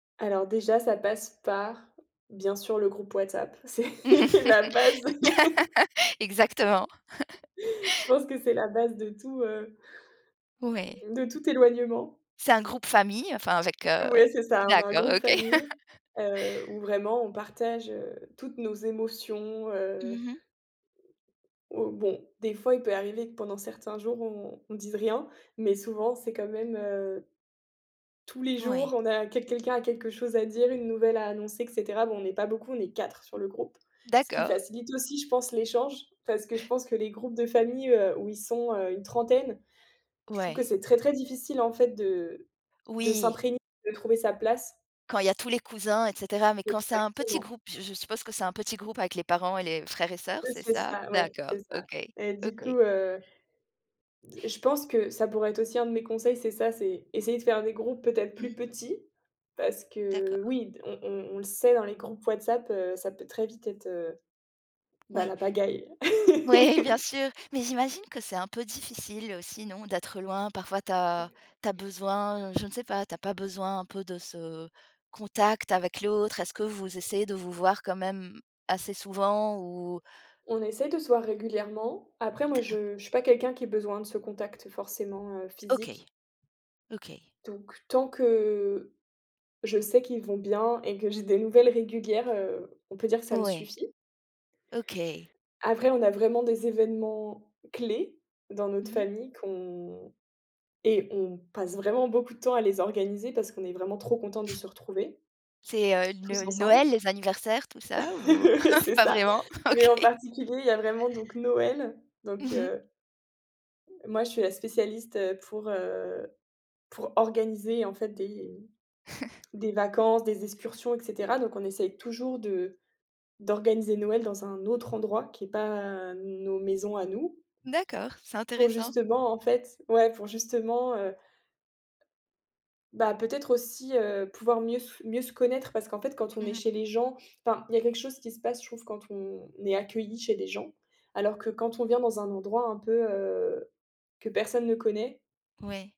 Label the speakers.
Speaker 1: Alors déjà, ça passe par, bien sûr, le groupe WhatsApp, c'est
Speaker 2: L
Speaker 1: la base.
Speaker 2: exactement.
Speaker 1: Je pense que c'est la base de tout, heu
Speaker 2: Ouais.
Speaker 1: de tout éloignement.
Speaker 2: C'est un groupe famille, enfin avec, heu,
Speaker 1: Ouais c'est ça, on a un
Speaker 2: d'accord,
Speaker 1: groupe
Speaker 2: OK.
Speaker 1: famille, heu, où vraiment on partage, heu, toutes nos émotions, heu
Speaker 2: Mmh mh.
Speaker 1: Oh, bon, des fois, il peut arriver que pendant certains jours on on dise rien, mais souvent c'est quand même, heu, tous les jours,
Speaker 2: Oui.
Speaker 1: on a quel quelqu'un a quelque chose à dire, une nouvelle à annoncer et cetera. Bon, on n'est pas beaucoup, on est 4 sur
Speaker 2: Mmh.
Speaker 1: le groupe. Ce qui
Speaker 2: D'accord.
Speaker 1: facilite aussi, je pense, l'échange parce que je pense que les groupes de famille, heu, où ils sont, heu, une trentaine, je trouve que
Speaker 2: Ouais.
Speaker 1: c'est très, très difficile, en fait, de de
Speaker 2: Oui.
Speaker 1: s'imprégner, de trouver sa place.
Speaker 2: Quand il y a tous les cousins et cetera, mais quand c'est un petit
Speaker 1: Exactement.
Speaker 2: groupe, je je suppose que c'est un petit groupe avec les parents et les frères et sœurs,
Speaker 1: Oui,
Speaker 2: c'est
Speaker 1: c'est
Speaker 2: ça?
Speaker 1: ça, ouais,
Speaker 2: D'accord,
Speaker 1: c'est ça.
Speaker 2: OK,
Speaker 1: Et du
Speaker 2: OK.
Speaker 1: coup, heu, d je pense que ça pourrait être aussi un de mes conseils, c'est ça, c'est essayer de faire des groupes, peut-être, plus
Speaker 2: Mmh.
Speaker 1: petits, parce que,
Speaker 2: D'accord.
Speaker 1: oui, d on on on le sait, dans les groupes WhatsApp, heu, ça peut très vite être, heu, bah,
Speaker 2: Oui.
Speaker 1: la pagaille.
Speaker 2: Ouais, bien sûr, mais j'imagine que c'est un peu difficile aussi, non, d'être loin? Parfois tu as tu as besoin, je ne sais pas, tu as pas besoin un peu de ce contact avec l'autre? Est-ce que vous essayez de vous voir quand même assez souvent ou?
Speaker 1: On essaie de se voir régulièrement. Après moi
Speaker 2: D'ac
Speaker 1: je je suis pas quelqu'un qui ait besoin de ce contact forcément, heu, physique.
Speaker 2: OK. OK.
Speaker 1: Donc tant que je sais qu'ils vont bien et que j'ai des nouvelles régulières, heu, on peut dire que ça me
Speaker 2: Ouais,
Speaker 1: suffit.
Speaker 2: OK.
Speaker 1: Après, on a vraiment des événements clés dans notre
Speaker 2: Mmh mh.
Speaker 1: famille qu'on et on passe vraiment beaucoup de temps à les organiser parce qu'on est vraiment trop contents de se retrouver
Speaker 2: C'est, heu,
Speaker 1: tous
Speaker 2: No
Speaker 1: ensemble.
Speaker 2: Noël, les anniversaires, tout ça? Ou au
Speaker 1: C'est
Speaker 2: pas
Speaker 1: ça.
Speaker 2: vraiment?
Speaker 1: Mais en
Speaker 2: OK.
Speaker 1: particulier, il y a vraiment donc Noël, donc
Speaker 2: Mmh mh.
Speaker 1: heu, moi je suis la spécialiste, heu, pour, heu, pour organiser, en fait, des des vacances, des excursions et cetera. Donc on essaye toujours de d'organiser Noël dans un autre endroit qui est pas nos maisons à nous
Speaker 2: D'accord, c'est
Speaker 1: pour,
Speaker 2: intéressant.
Speaker 1: justement, en fait ouais, pour justement, heu bah, peut-être aussi, heu, pouvoir mieux s mieux se connaître parce qu'en fait quand on est
Speaker 2: Mmh mh.
Speaker 1: chez les gens enfin, il y a quelque chose qui se passe, je trouve, quand on est accueilli chez des gens, alors que quand on vient dans un endroit un peu, heu, que personne ne connaît
Speaker 2: Ouais.